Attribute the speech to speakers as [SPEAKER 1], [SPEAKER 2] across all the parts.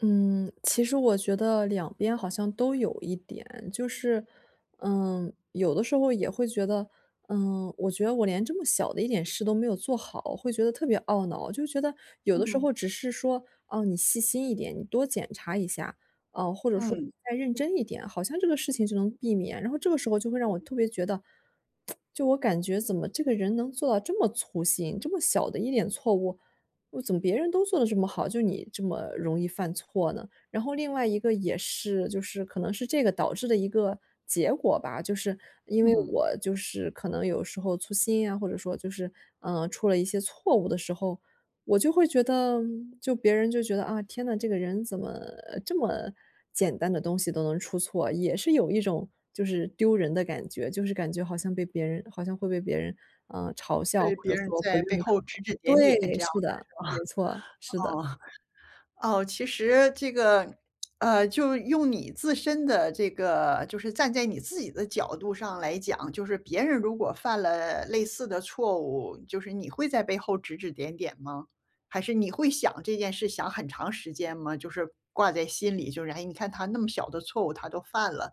[SPEAKER 1] 嗯，其实我觉得两边好像都有一点。就是，嗯，有的时候也会觉得，嗯，我觉得我连这么小的一点事都没有做好，会觉得特别懊恼，就觉得，有的时
[SPEAKER 2] 嗯。
[SPEAKER 1] 候只是说，哦，你细心一点你多检查一下，啊，或者说
[SPEAKER 2] 嗯。
[SPEAKER 1] 再认真一点，好像这个事情就能避免，然后这个时候就会让我特别觉得，就我感觉怎么这个人能做到这么粗心，这么小的一点错误，怎么别人都做得这么好，就你这么容易犯错呢？然后另外一个也是，就是可能是这个导致的一个结果吧。就是因为
[SPEAKER 2] 嗯。
[SPEAKER 1] 我就是可能有时候粗心啊，或者说就是，啊出了一些错误的时候，我就会觉得就别人就觉得，啊天哪，这个人怎么这么简单的东西都能出错？也是有一种就是丢人的感觉，就是感觉好像被别人好像会被别人，呃，嘲笑
[SPEAKER 2] 被
[SPEAKER 1] 或
[SPEAKER 2] 别
[SPEAKER 1] 者
[SPEAKER 2] 人
[SPEAKER 1] 说不
[SPEAKER 2] 在背
[SPEAKER 1] 认可
[SPEAKER 2] 后指指点点，
[SPEAKER 1] 对，
[SPEAKER 2] 这样
[SPEAKER 1] 是的，没错，是的。
[SPEAKER 2] 的是吧？哦哦，其实这个，呃，就用你自身的这个就是站在你自己的角度上来讲，就是别人如果犯了类似的错误，就是你会在背后指指点点吗？还是你会想这件事想很长时间吗？就是，挂在心里就，哎你看他那么小的错误，他都犯了。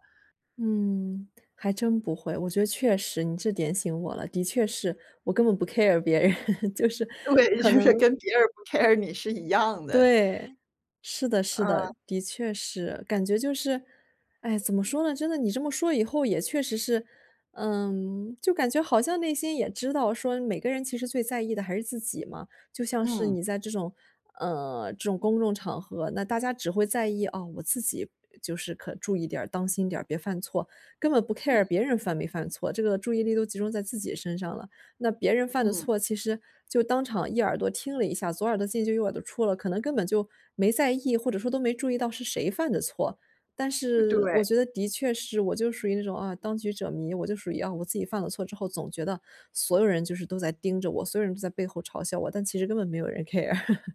[SPEAKER 1] 嗯，还真不会，我觉得确实，你这点醒我了，的确是，我根本不 care 别人就是，
[SPEAKER 2] 对，
[SPEAKER 1] 可
[SPEAKER 2] 就是
[SPEAKER 1] 能
[SPEAKER 2] 跟别人不 care 你，是一样的。
[SPEAKER 1] 对，是的是的，
[SPEAKER 2] 嗯。
[SPEAKER 1] 的确是。感觉就是，哎怎么说呢，真的你这么说以后也确实是，呃，就感觉好像内心也知道说每个人其实最在意的还是自己嘛。就像是
[SPEAKER 2] 嗯。
[SPEAKER 1] 你在这种，呃，这种公众场合，那大家只会在意，啊，我自己就是，可注意点儿，当心点儿，别犯错，根本不
[SPEAKER 2] 嗯。
[SPEAKER 1] care 别人犯没犯错，这个注意力都集中在自己身上了。那别人犯的
[SPEAKER 2] 嗯。
[SPEAKER 1] 错，其实就当场一耳朵听了一下，左耳朵进就右耳朵出了，可能根本就，没在意或者说都没注意到是谁犯的错。但是我
[SPEAKER 2] 对。
[SPEAKER 1] 觉得的确是我就属于那种啊当局者迷，我就属于啊我自己犯了错之后总觉得，所有人就是都在盯着我，所有人都在背后嘲笑我，但其实根本没有人 care。